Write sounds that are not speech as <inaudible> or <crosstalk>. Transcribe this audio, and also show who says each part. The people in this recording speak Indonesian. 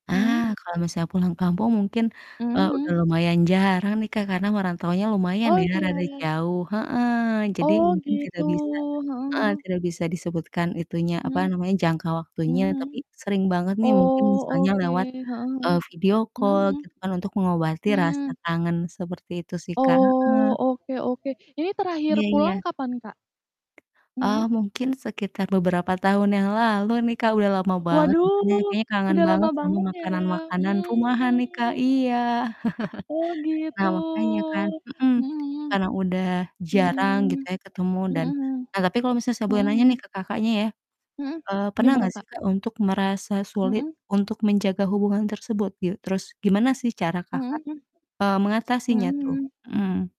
Speaker 1: Ah,
Speaker 2: Mmm.
Speaker 1: kalau misalnya pulang kampung mungkin,
Speaker 2: Mhm
Speaker 1: eee, udah
Speaker 2: mhm.
Speaker 1: lumayan jarang nih, Kak, karena merantaunya lumayan
Speaker 2: Oh
Speaker 1: ya
Speaker 2: iya.
Speaker 1: rada jauh. Heeh. Jadi
Speaker 2: Oh
Speaker 1: mungkin
Speaker 2: gitu.
Speaker 1: tidak bisa
Speaker 2: Heeh
Speaker 1: heeh,
Speaker 2: heeh.
Speaker 1: tidak bisa disebutkan itunya, apa
Speaker 2: Mmm.
Speaker 1: namanya, jangka waktunya
Speaker 2: Mhm
Speaker 1: tapi
Speaker 2: mhm.
Speaker 1: sering banget nih mungkin
Speaker 2: Oh
Speaker 1: misalnya
Speaker 2: oke,
Speaker 1: lewat,
Speaker 2: heeh heeh.
Speaker 1: eee, video
Speaker 2: Mhm
Speaker 1: call
Speaker 2: mhm.
Speaker 1: gitu kan untuk mengobati rasa
Speaker 2: Mmm.
Speaker 1: kangen seperti itu sih, Kak.
Speaker 2: Oh,
Speaker 1: Heeh.
Speaker 2: oke oke. Ini
Speaker 1: Iya
Speaker 2: terakhir pulang
Speaker 1: iya.
Speaker 2: kapan, Kak?
Speaker 1: Eee,
Speaker 2: Mmm.
Speaker 1: mungkin sekitar beberapa tahun yang lalu nih, Kak, udah lama banget, makanya
Speaker 2: Waduh!
Speaker 1: kayaknya kangen
Speaker 2: Udah lama
Speaker 1: banget sama
Speaker 2: banget ya.
Speaker 1: makanan-makanan rumahan nih, Kak.
Speaker 2: Mmm.
Speaker 1: Iya.
Speaker 2: Oh
Speaker 1: <chuckles>
Speaker 2: gitu.
Speaker 1: Nah makanya kan. Hmm.
Speaker 2: Mhm
Speaker 1: Karena udah
Speaker 2: mhm.
Speaker 1: jarang
Speaker 2: Mmm.
Speaker 1: gitu ya ketemu
Speaker 2: Mmm,
Speaker 1: dan
Speaker 2: mhm.
Speaker 1: nah tapi kalau misalnya saya boleh nanya
Speaker 2: Mhm
Speaker 1: nih
Speaker 2: mhm.
Speaker 1: ke Kakaknya ya.
Speaker 2: Mmm,
Speaker 1: Eee, pernah
Speaker 2: gimana,
Speaker 1: enggak sih,
Speaker 2: Kak?
Speaker 1: Kak, untuk merasa sulit,
Speaker 2: Mhm.
Speaker 1: untuk menjaga hubungan tersebut? Gie terus gimana sih cara Kakak,
Speaker 2: Mhm, mmm.
Speaker 1: eee, mengatasinya tuh?
Speaker 2: Mhm.
Speaker 1: Mmm.